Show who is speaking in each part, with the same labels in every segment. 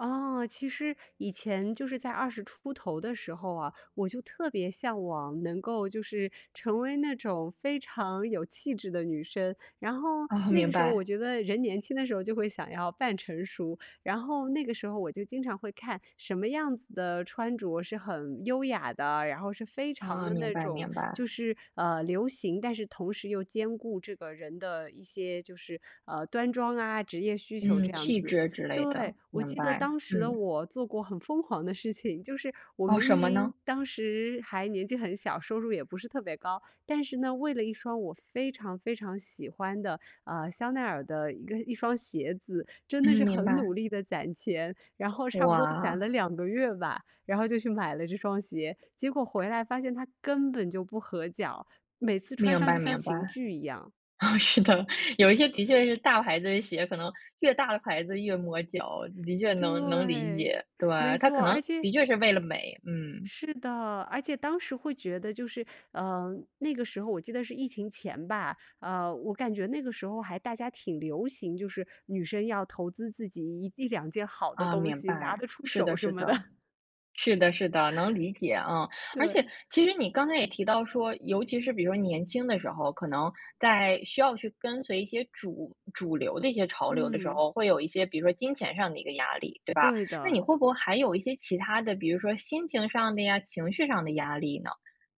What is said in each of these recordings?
Speaker 1: 哦，其实以前就是在20出头的时候啊，我就特别向往能够就是成为那种非常有气质的女生。然后
Speaker 2: 哦，
Speaker 1: 那
Speaker 2: 明
Speaker 1: 个时候我
Speaker 2: 白。
Speaker 1: 觉得人年轻的时候就会想要扮成熟。然后那个时候我就经常会看，什么样子的穿着是很优雅的，然后是非常
Speaker 2: 哦，
Speaker 1: 的
Speaker 2: 明
Speaker 1: 那
Speaker 2: 白
Speaker 1: 种
Speaker 2: 明
Speaker 1: 就
Speaker 2: 白。
Speaker 1: 是，呃，流行，但是同时又兼顾这个人的一些就是，呃，端庄啊、职业需求
Speaker 2: 嗯，
Speaker 1: 这样
Speaker 2: 气
Speaker 1: 子。
Speaker 2: 质之类的，
Speaker 1: 对，我
Speaker 2: 明
Speaker 1: 记得
Speaker 2: 白，
Speaker 1: 当时的
Speaker 2: 嗯。
Speaker 1: 我，做过很疯狂的事情，就是我
Speaker 2: 哦，
Speaker 1: 明
Speaker 2: 什么
Speaker 1: 明
Speaker 2: 呢？
Speaker 1: 当时还年纪很小，收入也不是特别高，但是呢，为了一双我非常非常喜欢的，呃，香奈儿的一个一双鞋子，真的是
Speaker 2: 嗯，明
Speaker 1: 很努
Speaker 2: 白。
Speaker 1: 力地攒钱，然后差不多攒了
Speaker 2: 哇。
Speaker 1: 2个月吧，然后就去买了这双鞋。结果回来发现它根本就不合脚，每次穿
Speaker 2: 明
Speaker 1: 上就
Speaker 2: 白
Speaker 1: 像
Speaker 2: 明白。
Speaker 1: 刑具一样。
Speaker 2: 哦，是的，有一些的确是大牌子的鞋，可能越大的牌子越磨脚，的确能能理
Speaker 1: 对，
Speaker 2: 解，对！
Speaker 1: 没
Speaker 2: 它可
Speaker 1: 错，
Speaker 2: 能
Speaker 1: 而
Speaker 2: 的
Speaker 1: 且
Speaker 2: 确是为了美，嗯。
Speaker 1: 是的。而且当时会觉得就是呃，那个时候我记得是疫情前吧，呃，我感觉那个时候还大家挺流行，就是女生要投资自己一一两件好的
Speaker 2: 啊，
Speaker 1: 东
Speaker 2: 明
Speaker 1: 西，
Speaker 2: 白。
Speaker 1: 拿得出
Speaker 2: 是
Speaker 1: 手
Speaker 2: 的
Speaker 1: 什
Speaker 2: 是
Speaker 1: 么
Speaker 2: 的。
Speaker 1: 的。
Speaker 2: 是的是的，能理解。嗯，而且
Speaker 1: 对。
Speaker 2: 其实你刚才也提到说，尤其是比如说年轻的时候，可能在需要去跟随一些主主流的一些潮流的时
Speaker 1: 嗯。
Speaker 2: 候，会有一些比如说金钱上的一个压力，对吧？
Speaker 1: 对
Speaker 2: 那你
Speaker 1: 的。
Speaker 2: 会不会还有一些其他的，比如说心情上的呀，情绪上的压力呢？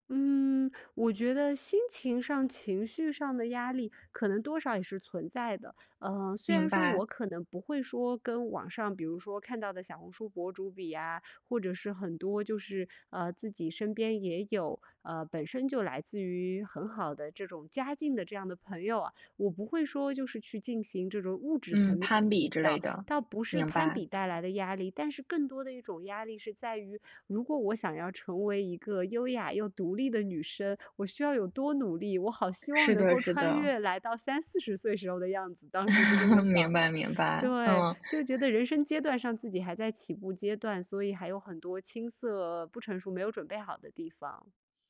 Speaker 1: 嗯，我觉得心情上、情绪上的压力可能多少也是存在的。呃，虽然
Speaker 2: 明
Speaker 1: 说
Speaker 2: 白。
Speaker 1: 我可能不会说跟网上比如说看到的小红书博主比啊，或者是很多就是，呃，自己身边也有，呃，本身就来自于很好的这种家境的这样的朋友啊，我不会说就是去进行这种物质层
Speaker 2: 嗯，
Speaker 1: 面的
Speaker 2: 攀
Speaker 1: 比
Speaker 2: 比之类
Speaker 1: 较。
Speaker 2: 的，
Speaker 1: 倒不是
Speaker 2: 明
Speaker 1: 攀
Speaker 2: 白。
Speaker 1: 比带来的压力，但是更多的一种压力是在于，如果我想要成为一个优雅又独立的女生，我需要有多努力。我好希望
Speaker 2: 是
Speaker 1: 能
Speaker 2: 的
Speaker 1: 够
Speaker 2: 是
Speaker 1: 穿
Speaker 2: 的。
Speaker 1: 越来到30、40岁时候的样子，当时是这么
Speaker 2: 明
Speaker 1: 想
Speaker 2: 白
Speaker 1: 的。
Speaker 2: 明白，
Speaker 1: 对，
Speaker 2: 嗯。
Speaker 1: 就觉得人生阶段上自己还在起步阶段，所以还有很多青涩、不成熟、没有准备好的地方。